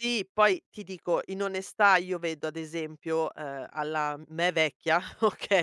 Sì, poi ti dico in onestà io vedo, ad esempio, uhm, alla m me vecchia,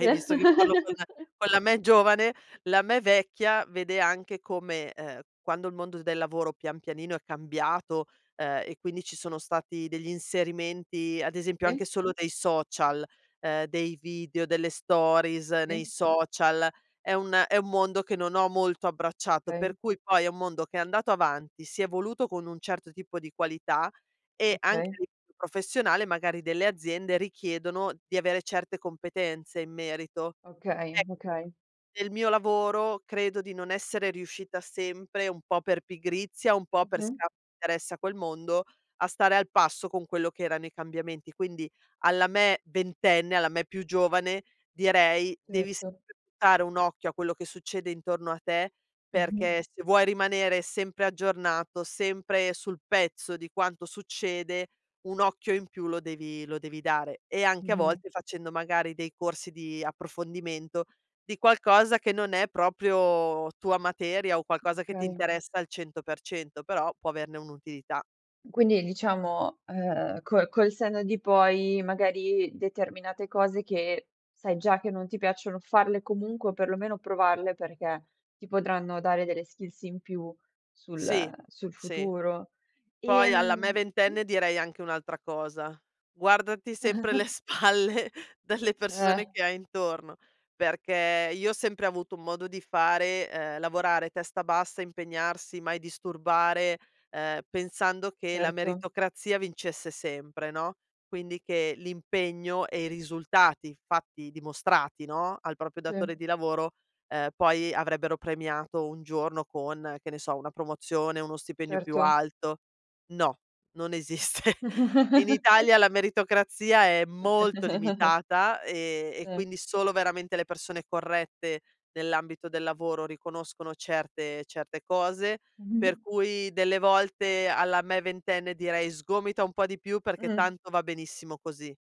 Sì. visto che parlo con la con la me giovane, la me vecchia vede anche come, uhm, quando il mondo del lavoro pian pianino è cambiato, uhm, e quindi ci sono stati degli inserimenti, ad esempio, anche Sì. solo dei social, uhm, dei video, delle stories Sì. nei social, è un è un mondo che non ho molto abbracciato, Okay. per cui poi è un mondo che è andato avanti, si è evoluto con un certo tipo di qualità, e anche a Okay. livello professionale magari delle aziende richiedono di avere certe competenze in merito. Okay. Ecco, Okay. nel mio lavoro credo di non essere riuscita sempre, un po' per pigrizia, un po' per Mh-mh. scarso interesse a quel mondo, a stare al passo con quello che erano i cambiamenti. Quindi alla me ventenne, alla me più giovane, direi: "Devi Certo. sempre buttare un occhio a quello che succede intorno a te, Mh-mh. perché se vuoi rimanere sempre aggiornato, sempre sul pezzo di quanto succede, un occhio in più lo devi lo devi dare. E anche a Mh-mh. volte facendo magari dei corsi di approfondimento di qualcosa che non è proprio tua materia, o qualcosa che ti Okay. interessa al 100%, però può averne un'utilità". Quindi diciamo, uhm, col col senno di poi, magari determinate cose che sai già che non ti piacciono farle comunque, o perlomeno provarle perché ti potranno dare delle skills in più sul Sì, sul sì. futuro. Poi, alla me Ehm sì? ventenne direi anche un'altra cosa: "Guardati sempre le spalle delle Eh. persone che hai intorno", perché io ho sempre avuto un modo di fare, uhm, lavorare, testa bassa, impegnarsi, mai disturbare, uhm, pensando che la Certo. meritocrazia vincesse sempre, no, quindi che l'impegno e i risultati fatti, dimostrati, no, al proprio Sì. datore di lavoro, ehm, poi avrebbero premiato un giorno con, che ne so, una promozione, o uno stipendio più Certo. alto. No, non esiste. In Italia la meritocrazia è molto limitata, e e Eh. quindi solo veramente le persone corrette nell'ambito del lavoro riconoscono certe certe cose. Per Mh-mh. cui delle volte alla me ventenne direi: "Sgomita un po' di più, perché Mh. tanto va benissimo così".